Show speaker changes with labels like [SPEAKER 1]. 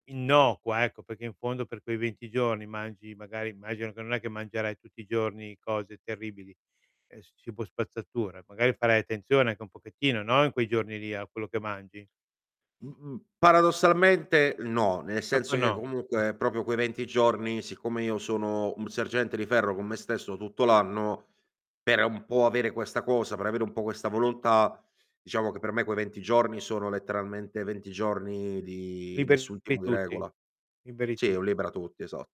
[SPEAKER 1] Innocua, ecco, perché in fondo per quei 20 giorni mangi magari immagino che non è che mangerai tutti i giorni cose terribili, es cibo spazzatura, magari farai attenzione anche un pochettino, no, in quei giorni lì a quello che mangi.
[SPEAKER 2] Mh-mh. Paradossalmente no, nel
[SPEAKER 1] Proprio
[SPEAKER 2] senso che
[SPEAKER 1] no.
[SPEAKER 2] comunque proprio quei 20 giorni, siccome io sono un sergente di ferro con me stesso tutto l'anno, per un po' avere questa cosa, per avere un po' questa volontà, diciamo che per me quei 20 giorni sono letteralmente 20 giorni di nessun
[SPEAKER 1] Liberi
[SPEAKER 2] tipo di
[SPEAKER 1] tutti,
[SPEAKER 2] regola.
[SPEAKER 1] liberi
[SPEAKER 2] Sì, è
[SPEAKER 1] tu
[SPEAKER 2] un libera tutti, esa